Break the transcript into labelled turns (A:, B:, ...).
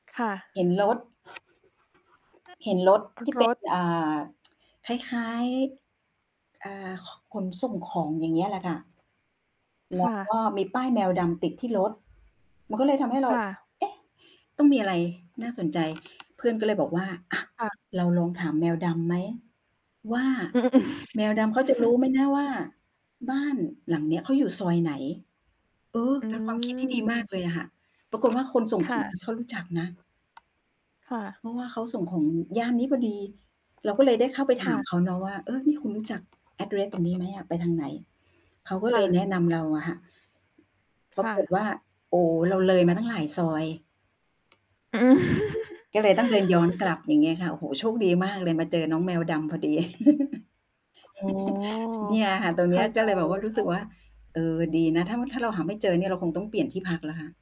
A: ค่ะ
B: เห็นรถ เห็นรถ
A: ร
B: ที่ เ
A: ร
B: ป็น
A: ถ
B: อ่า คล้าย ๆ อ่า ค ขนส่งของ อย่างเงี้ยแหละค่ะ แ
A: ค
B: ล้
A: ่
B: ว ก
A: ะ
B: ็มีป้ายแมวดำติดที่รถ มันก็เลยทำให้เร
A: ค
B: า
A: ่ะ
B: เอ๊ะ ต้องมีอะไรน่าสนใจ เพื่อนก็เลยบอกว่า "อะ
A: ค่ะ
B: เราลองถามแมวดำไหม? ว่า แมวดำเขาจะรู้ไหมนะว่า บ้านหลังเนี้ย เขาอยู่ซอยไหน?" เออ
A: อื
B: เป็นความคิด ที่ดีมากเล
A: ม
B: ยอะค่ะ ปรากฏว่า คนส่ง
A: ค
B: ขอ
A: ่
B: ง
A: ะ
B: นี่ เขารู้จักนะ
A: ค่ะ
B: เพราะว่าเขาส่งของย่านนี้พอดี เราก็เลยได้เข้าไป
A: ค
B: ถ
A: ่
B: าม
A: ะ
B: เขาเนาะว่า "เออ นี่คุณรู้จัก address ตรง นี้ไหมอะ? ไปทางไหน?" เขาก็
A: ค
B: เล
A: ่
B: ย
A: ะ
B: แนะนำเราอะค่ะ ป
A: ค
B: รา
A: ่
B: กฏ
A: ะ
B: ว่า โอ้ เราเลยมาตั้งหลายซอย ก็เลยต้องเดินย้อนกลับ อย่างงี้ค่ะ โอ้โฮ โชคดีมากเลย มาเจอน้องแมวดำพอดี
A: อ๋อ
B: เนี่ยค่ะ ตรง
A: เ
B: เ
A: ข
B: น
A: ้
B: ี้
A: า
B: ย ก
A: ใจ
B: ็เลยแบ
A: เ
B: บ
A: ล
B: ว่า
A: ย
B: รู้
A: ค
B: ส
A: ่
B: ึ
A: ะ
B: กว่า เออ ดีนะ ถ้า ม ถ้าเราหาไม่เจอเนี่ย เราคงต้องเปลี่ยนที่พักแล้วค่ะ